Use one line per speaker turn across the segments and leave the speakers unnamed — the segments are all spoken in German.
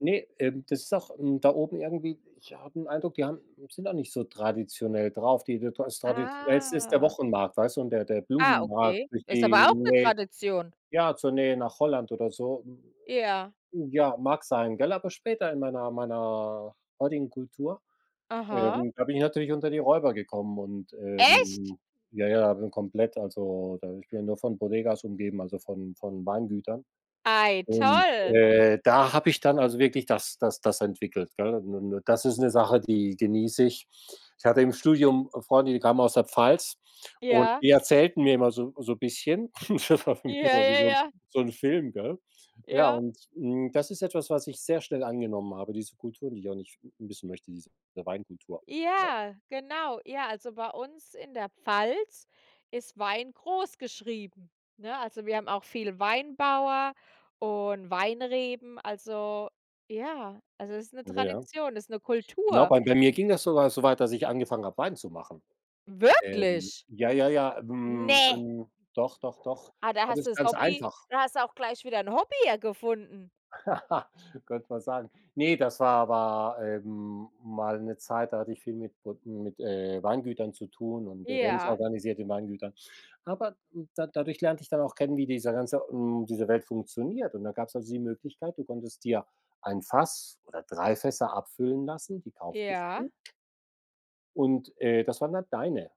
Ne, ähm, das ist auch, hm, da oben irgendwie ich habe 'n Eindruck, die haben sind da nicht so traditionell drauf. Die [unintelligible] das traditionellste ist der
Ah.
Wochenmarkt, weißt du, und der der
Ah,
Blumenmarkt
okay.
durch
Ist
die
aber auch 'ne
Nähe
Tradition.
ja, zur Nähe nach Holland oder so.
Ja.
Ja, mag sein, gell, aber später in meiner meiner [unintelligible] Kultur,
Aha.
ähm, da bin ich natürlich unter die Räuber gekommen und,
Echt?
ähm, ja, ja, bin komplett also, da ich bin ja nur von Bodegas umgeben, also, von von Weingütern.
Ei,
Und,
toll.
äh, da habe ich dann also wirklich das das das entwickelt, gell? Und und das ist 'ne Sache, die genieße ich. Ich hatte im Studium Freunde, die kamen aus der Pfalz, und
Ja.
die erzählten mir immer so so bisschen. Das war für mich
Ja,
immer wie
ja,
so 'n
ja.
so 'n Film, gell? Ja,
Ja.
und, hm, das ist etwas, was ich sehr schnell angenommen habe, diese Kulturen, die ich auch nicht missen möchte, diese Weinkultur, ja.
Ja, genau. Ja, also bei uns in der Pfalz ist Wein groß geschrieben, ne? Also, wir haben auch viel Weinbauer und Weinreben. Also, ja also, ist 'ne
Ja ja.
Tradition, ist 'ne
Genau,
Kultur.
bei bei mir ging das sogar so weit, dass ich angefangen habe, Wein zu machen. Ähm,
Wirklich?
ja, ja, ja. Hm,
Ne.
'n doch, doch, doch.
Ah, da
Das
hast
ist
du's
ganz
Hobby
einfach.
da hast du auch gleich wieder 'n Hobby ja gefunden.
Könnt man sagen. Ne, das war aber, ähm, mal 'ne Zeit, da hatte ich viel mit brod mit, äh, Weingütern zu tun und Events
Ja.
organisiert in Weingütern. Aber, hm, da dadurch lernte ich dann auch kennen, wie dieser ganze hm, diese Welt funktioniert. Und da gab's also die Möglichkeit, du konntest dir 1 Fass oder 3 Fässer abfüllen lassen, die kauftest
Ja.
du. Und, äh, das waren dann deine.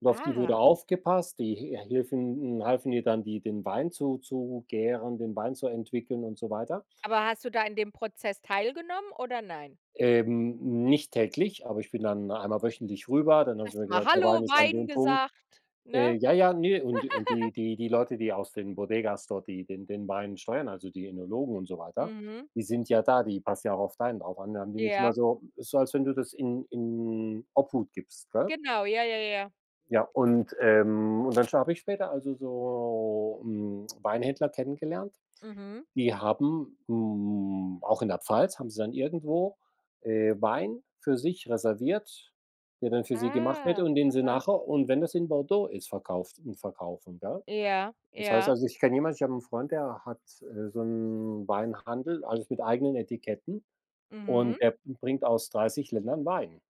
Und auf die wurde
Ah.
aufgepasst, die he äh, hilfen halfen dir dann, die den Wein zu zu gären, den Wein zu entwickeln und so weiter.
Aber hast du da in dem Prozess teilgenommen oder nein?
Ähm, nicht täglich, aber ich bin dann einmal wöchentlich rüber, dann haben sie
Erst
mir
mal:
gesagt: „Der
„Hallo,
Wein ist an
Wein.“
dem Punkt.“
gesagt,
Äh,
ne?
ja, ja, ne und und die die die Leute, die aus den Bodegas dort, die den den Wein steuern, also, die Önologen und so weiter,
Mhm.
die sind ja da, die passt ja auch auf deinen auch an. Da haben die mich immer
Ja.
so ist so, als wenn du das in in Obhut gibst, gell?
Genau, ja, ja, ja, ja.
Ja, und, ähm, und dann habe ich später, also, so, hm, Weinhändler kennengelernt.
Mhm.
Die haben hm, auch in der Pfalz haben sie dann irgendwo, äh, Wein für sich reserviert, der dann für sie gemacht wird
Ah,
und den sie
aha.
nachher- und wenn das in Bordeaux ist- verkauft und verkaufen, gell?
Ja,
Das heißt
ja.
also, ich kenne jemand, ich habe 'n Freund, der hat, äh, so 'n Weinhandel, also mit eigenen Etiketten
Mhm.
und der b bringt aus 30 Ländern Wein.